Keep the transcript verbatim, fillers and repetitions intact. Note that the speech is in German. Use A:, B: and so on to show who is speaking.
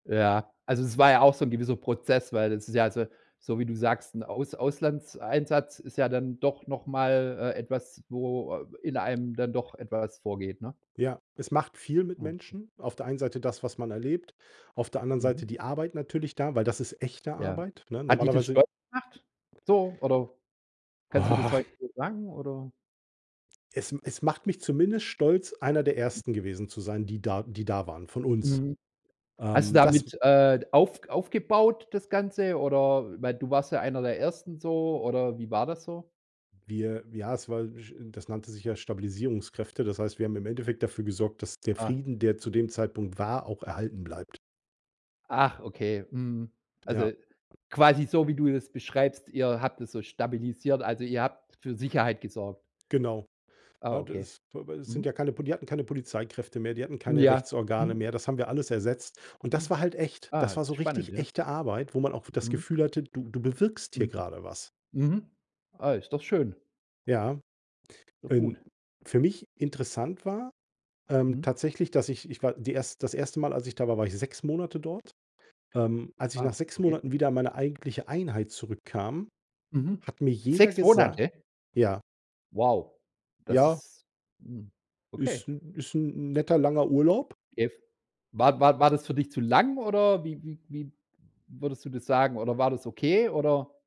A: Ja. Also, es war ja auch so 'n gewisser Prozess, weil das ist ja also, so wie du sagst, 'n Aus Auslandseinsatz ist ja dann doch noch mal, äh, etwas, wo in einem dann doch etwas vorgeht, ne?
B: Ja, es macht viel mit
A: Okay.
B: Menschen. Auf der einen Seite das, was man erlebt, auf der anderen
A: Mhm.
B: Seite die Arbeit natürlich da, weil das ist echte
A: Ja.
B: Arbeit, ne?
A: Hat dich das
B: Normalerweise
A: stolz gemacht? So oder kannst du das heute so sagen oder?
B: Es es macht mich zumindest stolz, einer der Ersten gewesen zu sein, die da die da waren von uns.
A: Mhm. Hast du
B: Ähm, das
A: damit, äh, auf aufgebaut das Ganze oder weil du warst ja einer der ersten so, oder wie war das so?
B: Wir ja, es war, j das nannte sich ja Stabilisierungskräfte. Das heißt, wir haben im Endeffekt dafür gesorgt, dass der
A: Ah.
B: Frieden, der zu dem Zeitpunkt war, auch erhalten bleibt.
A: Ach, okay, mhm.
B: Ja.
A: Also, quasi so, wie du das beschreibst, ihr habt das so stabilisiert, also, ihr habt für Sicherheit gesorgt.
B: Genau.
A: Ah,
B: Na,
A: okay.
B: das aber es sind
A: Mhm.
B: ja keine Poli die hatten keine Polizeikräfte mehr, die hatten keine
A: Ja.
B: Rechtsorgane
A: Mhm.
B: mehr, das haben wir alles ersetzt. Und das
A: Mhm.
B: war halt echt.
A: Ah,
B: Das war so
A: ist spannend,
B: richtig
A: ja.
B: echte Arbeit, wo man auch das
A: Mhm.
B: Gefühl hatte, du du bewirkst hier
A: Mhm.
B: grade was.
A: Mhm. Ah, ist doch schön.
B: Ja,
A: [unintelligible]
B: denn
A: gut.
B: für mich interessant war
A: Mhm.
B: tatsächlich, ähm, dass ich ich war die erst das erste Mal, als ich da war, war ich sechs Monate dort. Ähm, als ich nach
A: Ah,
B: sechs
A: okay.
B: Monaten wieder in meine eigentliche Einheit zurückkam,
A: Mhm.
B: hat mir jeder
A: sechs
B: gesagt
A: Monate?
B: Ja.
A: Wow, das
B: Ja.
A: ist hm,
B: Ist
A: okay.
B: 'n ist 'n 'n netter, langer Urlaub.
A: [unintelligible] War war war das für dich zu lang oder wie wie wie würdest du das sagen, oder war das okay, oder?